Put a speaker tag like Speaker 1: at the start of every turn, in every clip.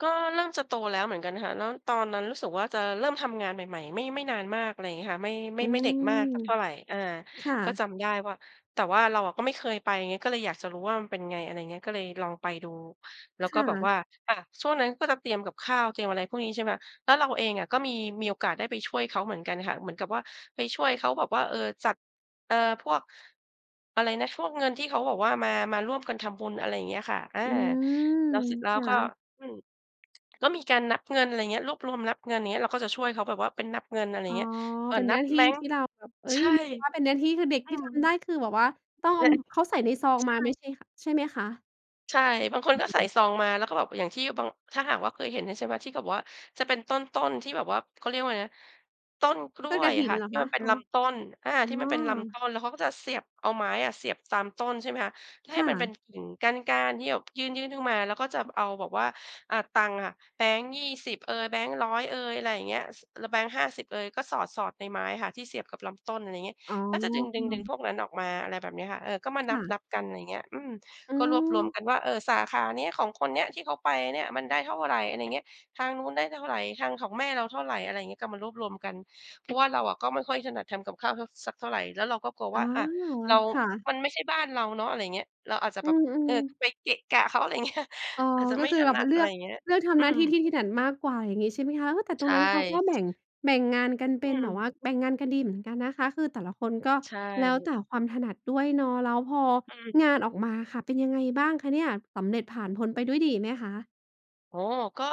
Speaker 1: ก็เริ่มจะโตแล้วเหมือนกันค่ะ แล้วตอนนั้นรู้สึกว่าจะเริ่มทำงานใหม่ ๆ ไม่ ไม่นานมาก อะไรอย่างเงี้ยค่ะ ไม่ ไม
Speaker 2: อ
Speaker 1: ่
Speaker 2: ื
Speaker 1: ไม่เด็กมาก
Speaker 2: ม
Speaker 1: สักเท่าไร อ่า
Speaker 2: ค่
Speaker 1: ก็
Speaker 2: ะ
Speaker 1: จำได้ว่า แต่ว่าเราอะก็ไม่เคยไปไง ก็เลยอยากจะรู้ว่ามันเป็นไง อะไรอย่างเงี้ย ก็เลยลองไปดู แล้ว
Speaker 2: ค
Speaker 1: ก็
Speaker 2: ่
Speaker 1: แบบว่า
Speaker 2: ะ
Speaker 1: อะ ช่วงนั้นก็จะเตรียมกับข้าว เตรียมอะไรพวกนี้ ใช่ไหม แล้วเราเองอะก็มี มีโอกาสได้ไปช่วยเขาเหมือนกันค่ะ เหมือนกับว่าไปช่วยเขาแบบว่า เอ่อ จัด เอ่อ พวก อะไรนะ พวกเงินที่เขาบอกว่ามา มาร่วมกันทำบุญ อะไรอย่างเงี้ยค่ะ อ่า
Speaker 2: อืม
Speaker 1: แล้วเสร็จแล้
Speaker 2: ค
Speaker 1: ว
Speaker 2: ่
Speaker 1: ก
Speaker 2: ะ
Speaker 1: ็ อืม ก็มีการนับเงิน อะไรอย่างเงี้ย รวบรวมนับเงิน อย่างเงี้ย เราก็จะช่วยเขาแบบว่าเป็นนับเงิน อะไร
Speaker 2: อ
Speaker 1: อย
Speaker 2: ๋
Speaker 1: ่า
Speaker 2: อ
Speaker 1: งเงี้ย เอ่
Speaker 2: เ
Speaker 1: อ
Speaker 2: ป็น
Speaker 1: น
Speaker 2: ห
Speaker 1: ั
Speaker 2: น้า
Speaker 1: บ
Speaker 2: ที
Speaker 1: แบ
Speaker 2: ่
Speaker 1: งค
Speaker 2: ท
Speaker 1: ์
Speaker 2: ี่เราแบบ เอ๊
Speaker 1: ใช
Speaker 2: ย
Speaker 1: ่
Speaker 2: ถือเป็นหน้าที่ คือเด็ก
Speaker 1: อื
Speaker 2: ที่
Speaker 1: ม
Speaker 2: ทำได้ คือแบบว่า ต้องเอ
Speaker 1: ล
Speaker 2: า เขาใส่ในซอง
Speaker 1: ใช
Speaker 2: มาไม่
Speaker 1: ่
Speaker 2: ใช่ ใช่ไหมคะ อ
Speaker 1: ใช่ บางคนก็
Speaker 2: ื
Speaker 1: ใส่
Speaker 2: ม
Speaker 1: ซองมา แล้วก็แบบอย่างที่บาง ถ้าหากว่า เคยเห็นอยู่ใช่ไหมที่เขาบอกว่าจะเป็นต้น ๆ ที่แบบว่า เขาเรียกว่าอะไรนะ ต้นกล้
Speaker 2: ต้น
Speaker 1: ว
Speaker 2: ก
Speaker 1: ยอ
Speaker 2: ฐิ
Speaker 1: ะค
Speaker 2: น
Speaker 1: ่ะ
Speaker 2: เหรอ
Speaker 1: ที่
Speaker 2: ค
Speaker 1: ม
Speaker 2: ะ?
Speaker 1: ันเป็น
Speaker 2: อ๋อ
Speaker 1: ลำต้น อา
Speaker 2: อ๋
Speaker 1: ที่
Speaker 2: อ
Speaker 1: มันเป็นลำต้น แล้วเขาก็จะเสียบ เอาไม้อะเสียบตามต้นใช่ไหมคะ ให
Speaker 2: ค
Speaker 1: ้
Speaker 2: ่
Speaker 1: มันเ
Speaker 2: ะ
Speaker 1: ป็นกิ่งก้าน ๆ ที่แบบยื่น ๆ ขึ้นมา แล้วก็จะเอาแบบว่า อ่า ตังค่ะ แบงค์ 20 เอย แบงค์ 100 เอย อะไรอย่างเงี้ย ส แล้วแบงค์ 50 เอ่ย ก็สอด ๆ ในไม้ค่ะที่เสียบกับลำต้น อะไรอย่างเงี้ย
Speaker 2: อ๋อ
Speaker 1: ก็จะดึง ๆ ๆ พวกนั้นออกมา อะไรแบบนี้ค่ะ เอ่อ ก็มา
Speaker 2: ค
Speaker 1: น
Speaker 2: ่ะ
Speaker 1: ับ ๆ กัน อะไรอย่างเงี้ย อืม
Speaker 2: อื
Speaker 1: ก็รวบรวม
Speaker 2: ม
Speaker 1: กันว่า เอ่อ สาขานี้ ของคนนี้ ที่เขาไปเนี่ยมันได้เท่าไร อะไรอย่างเงี้ย ทางนู้นได้เท่าไร ทางของแม่เราเท่าไร อะไรอย่างเงี้ย ก็มารวบรวมกัน เพราะว่า เราอะ ก็ไม่ค่อยถนัดทำกับข้าว ท สักเท่าไร แล้วเราก็กลัว
Speaker 2: อ
Speaker 1: ว
Speaker 2: ๋
Speaker 1: ่
Speaker 2: อ
Speaker 1: า อ่า เรา
Speaker 2: คะ
Speaker 1: มันไม่ใช่บ้านเราเนาะ อะไรอย่างเงี้ย เราอาจจะ
Speaker 2: อื
Speaker 1: แบบ เ
Speaker 2: ม
Speaker 1: อ่อ
Speaker 2: ๆ
Speaker 1: ไปเกะกะเขา อะไรอย่าง เงี้ย
Speaker 2: อ๋อ
Speaker 1: อาจจะ
Speaker 2: ก
Speaker 1: ไ
Speaker 2: ็
Speaker 1: ม่
Speaker 2: คือ
Speaker 1: ถ
Speaker 2: แบ
Speaker 1: น
Speaker 2: บ
Speaker 1: ั
Speaker 2: ม
Speaker 1: ด
Speaker 2: าเล
Speaker 1: อ
Speaker 2: ื
Speaker 1: ะไร
Speaker 2: อก
Speaker 1: อย่างเงี้ย
Speaker 2: เลือกท
Speaker 1: อ
Speaker 2: ำ
Speaker 1: ื
Speaker 2: หน้าที่
Speaker 1: ม
Speaker 2: ที่ถนัดมากกว่า อย่างงี้ใช่ไหมคะ เออ แต่ต
Speaker 1: ใช
Speaker 2: รง
Speaker 1: ่
Speaker 2: นั้นเขาก็แบ
Speaker 1: ใช
Speaker 2: ่
Speaker 1: ่
Speaker 2: ง
Speaker 1: ค่ะ
Speaker 2: แบ่งงานกันเป
Speaker 1: อื
Speaker 2: ็นแบบว่า
Speaker 1: ม
Speaker 2: แบ่งงานกันดีเหมือนกันนะคะ คือแต่ละคนก็
Speaker 1: ใช
Speaker 2: แล้ว
Speaker 1: ่
Speaker 2: แต่ความถนัดด้วยเนาะ แล้วพอ
Speaker 1: อื
Speaker 2: งา
Speaker 1: ม
Speaker 2: นออกมาอะค่ะ เป็นยังไงบ้างคะเนี่ย สำเร็จผ่านพ้นไปด้วยดีไหมคะ?
Speaker 1: อ๋อ ก็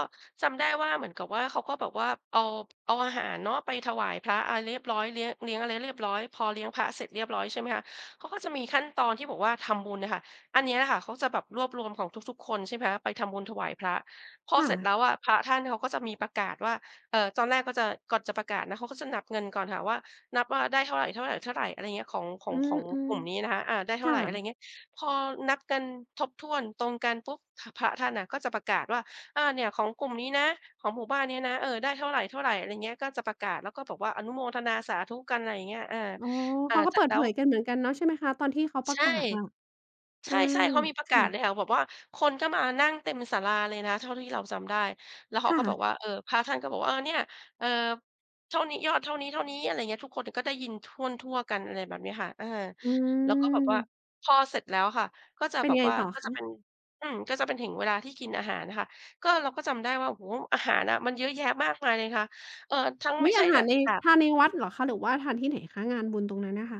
Speaker 1: จำได้ว่า เหมือนกับว่า เขาก็แบบว่าเอา เอาอาหารเนาะไปถวายพระอะไรเรียบร้อย เลี้ยง เลี้ยงอะไรเรียบร้อย พอเลี้ยงพระเสร็จเรียบร้อย ใช่ไหมคะ เขาก็จะมีขั้นตอนที่บอกว่าทำบุญอะค่ะ อันเนี้ยค่ะเขาจะแบบรวบรวมของทุก ๆ คนใช่ไหมคะ ไปทำบุญถวายพระ พอ
Speaker 2: ค่
Speaker 1: เสร็จแล
Speaker 2: ะ
Speaker 1: ้วอะ พระท่านเขาก็จะมีประกาศว่า เอ่อ ตอนแรกก็จะ ก่อนจะประกาศนะเขาก็จะนับเงินก่อนค่ะว่า นับว่าได้เท่าไร ๆ ๆ อะไรอย่างเงี้ย ของ ขอ
Speaker 2: อื
Speaker 1: ง ของก
Speaker 2: ม
Speaker 1: ลุ่มนี้นะคะ อ่า ได้
Speaker 2: ๆ
Speaker 1: เ
Speaker 2: ค
Speaker 1: ท่า
Speaker 2: ่
Speaker 1: ไ
Speaker 2: ะ
Speaker 1: ร อะไรอย่างเงี้ย พอนับกันครบถ้วน ตรงกันปุ๊บ ข พระท่านน่ะก็จะประกาศว่า อ่า เนี่ยของกลุ่มนี้นะ ของหมู่บ้านนี้นะ เอ่อ ได้เท่าไร เท่าไร อะไรอย่างเงี้ย ก็จะประกาศ แล้วก็บอกว่าอนุโมทนาสาธุกัน อะไรอย่างเงี้ย เออ
Speaker 2: อ๋อ
Speaker 1: เอ
Speaker 2: เ
Speaker 1: อ
Speaker 2: ขาก็
Speaker 1: เสร
Speaker 2: เ
Speaker 1: ็
Speaker 2: ปิ
Speaker 1: จ
Speaker 2: ด
Speaker 1: แล้
Speaker 2: เผ
Speaker 1: ว
Speaker 2: ยกันเหมือนกันเนาะใช่ไหมคะ? ตอนที่เขาปร
Speaker 1: ใช
Speaker 2: ะ
Speaker 1: ่
Speaker 2: กาศอะ อ
Speaker 1: ใ
Speaker 2: า
Speaker 1: ช่ ๆ เขามีประ
Speaker 2: ค
Speaker 1: กา
Speaker 2: ่
Speaker 1: ศเล
Speaker 2: ะ
Speaker 1: ยค่ะ แบบว่าคนก็มานั่งเต็มศาลาเลยนะเท่าที่เราจำได้ แล้วเข
Speaker 2: ค
Speaker 1: า
Speaker 2: ่
Speaker 1: ก็บ
Speaker 2: ะ
Speaker 1: อกว่า เอ่อ พระท่านก็บอกว่า เอ่อ เนี่ย เอ่อ เท่านี้ ยอดเท่านี้ ๆ อะไรอย่างเงี้ย ทุกคนก็ได้ยินถ้วนทั่วกัน อะไรแบบนี้ค่ะ เออ
Speaker 2: อื
Speaker 1: แล้วก็แบบว่า
Speaker 2: ม
Speaker 1: พอเสร็จแล้วค่ะ ก็จะ
Speaker 2: เป็น
Speaker 1: แบ
Speaker 2: ยั
Speaker 1: บ
Speaker 2: งไง
Speaker 1: ว่า
Speaker 2: ต่อ
Speaker 1: ก็
Speaker 2: ค
Speaker 1: จะเป็
Speaker 2: ะ?
Speaker 1: น อืม ก็จะเป็นถึงเวลาที่กินอาหารค่ะ ก็ เราก็จำได้ว่า โอ้โฮ อาหารอะมันเยอะแยะมากมายเลยค่ะ เอ่อ ทั้ง
Speaker 2: อุ
Speaker 1: ไม
Speaker 2: ๊
Speaker 1: ่
Speaker 2: ย!
Speaker 1: ใช
Speaker 2: อ
Speaker 1: ่
Speaker 2: าหา
Speaker 1: แบ
Speaker 2: ร
Speaker 1: บ
Speaker 2: ใน
Speaker 1: ค่ะ
Speaker 2: ทานในวัดเหรอคะ หรือว่าทานที่ไหนคะ งานบุญตรงนั้นอะคะ?